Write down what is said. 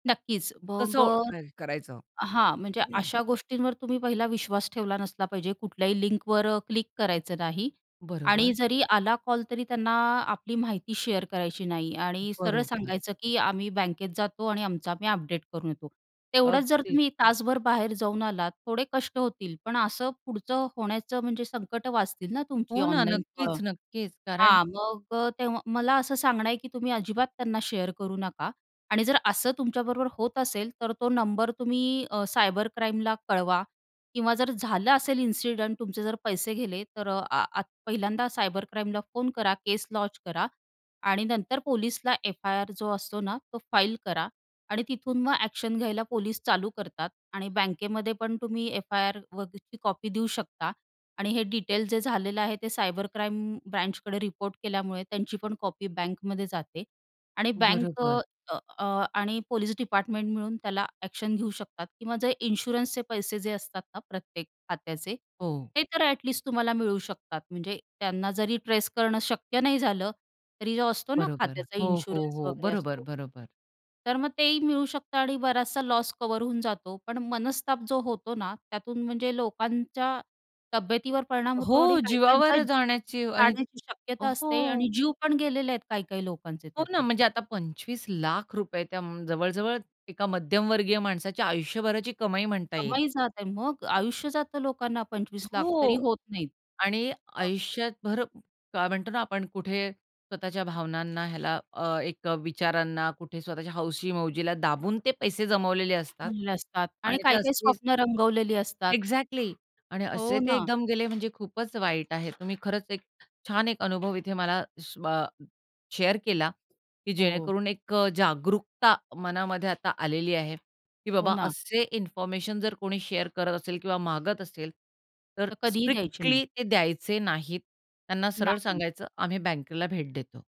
नक्कीच कसं मग ओळखायचं? अ, हां, म्हणजे अशा गोष्टींवर तुम्ही पहिला विश्वास ठेवला नसला पाहिजे कुठल्याही लिंकवर अ, क्लिक करायचं नाही बरोबर. आणि जरी आला कॉल तरी त्यांना आपली माहिती शेअर करायची नाही आणि सरळ बरोबर. सांगायचं की, "आम्ही बँकेत जातो आणि आमचं आम्ही अपडेट करून येतो." तेवढंच जर अगदी. तुम्ही तासभर बाहेर जाऊन आलात, थोडे कष्ट होतील. पण असं पुढचं होण्याचं म्हणजे संकटं वाचतील ना तुमची हो ना. ऑनलाईन नक्कीच, थोडं. नक्कीच. कारण हां, मग अ, तेव्हा मला असं सांगणं आहे की तुम्ही अजिबात त्यांना शेअर करू नका. आणि जर असं तुमच्या बरोबर होत असेल, तर तो नंबर तुम्ही अ, सायबर क्राईमला कळवा किंवा जर झालं असेल इन्सिडंट तुमचे जर पैसे गेले तर अ, अ, आत पहिल्यांदा सायबर क्राईमला फोन करा, केस लॉन्च करा. आणि नंतर पोलीसला एफ-आई-आर जो असतो ना तो फाइल करा. आणि तिथून मग ॲक्शन घ्यायला पोलीस चालू करतात. आणि बँकेमध्ये पण तुम्ही एफ-आई-आरवरची कॉपी देऊ शकता. आणि हे डिटेल्स जे झालेलं आहे, ते सायबर क्राईम ब्रांचकडे रिपोर्ट केल्यामुळे त्यांची पण कॉपी बँकमध्ये जाते. आणि बँक अ, बरोबर. अ, अ, आणि पोलिस डिपार्टमेंट मिळून त्याला ॲक्शन घेऊ शकतात. किंवा जे इन्शुरन्सचे पैसे जे असतात ना प्रत्येक खात्याचे, हो. हे तर ॲटलिस्ट तुम्हाला मिळू शकतात. म्हणजे त्यांना जरी ट्रेस करणं शक्य नाही झालं, तरी जो असतो ना बरोबर. खात्याचा हो, हो, इन्शुरन्स हो. वगैरे बरोबर, असतो. बरोबर. तर मग ते ही मिळू शकतं आणि बराचसा लॉस कव्हर होऊन जातो. पण मनस्ताप जो होतो ना, त्यातून म्हणजे लोकांच्या तब्येतीवर परिणाम होतो आणि हो, काही-काहींचा जीवावर जीव जाण्याची आणि जाण्याची शक्यता असते हो. आणि जीव पण गेलेले आहेत काही-काही लोकांचे हो ना, त्यातून. म्हणजे आता ₹25 लाख रुपये त्या जवळ-जवळ एका मध्यमवर्गीय माणसाच्या आयुष्यभराची कमाई म्हणता येईल. केव्हाही जात आहे मग आयुष्य जातं लोकांना 25 लाख तरी हो होत नाहीत आणि मग आयुष्यभर काय म्हणतो ना आपण कुठे स्वतःच्या भावनांना ह्याला अ, एक अ, विचारांना, कुठे स्वतःच्या हौशी-मौजीला दाबून ते पैसे जमवलेले असतात जमवलेले असतात आणि आणि ते काही-काही असेच स्वप्न रंगवलेली असतात. ॲक्झॅक्टली आणि असे हो ते ना. एकदम गेले म्हणजे खूपच वाईट आहे. तुम्ही खरंच एक छान एक अनुभव इथे मला श बा शेअर केला की हो. जेणेकरून एक अ, जागरूकता मनामध्ये आता आलेली आहे की हो बाबा ना. असे इन्फॉर्मेशन जर कोणी शेअर करत असेल किंवा मागत असेल. तर तर कधीही द्यायचे नाही. स्ट्रिक्टली ते द्यायचे नाहीत त्यांना सरळ नाही. सांगायचं आम्ही बँकेला भेट देतो.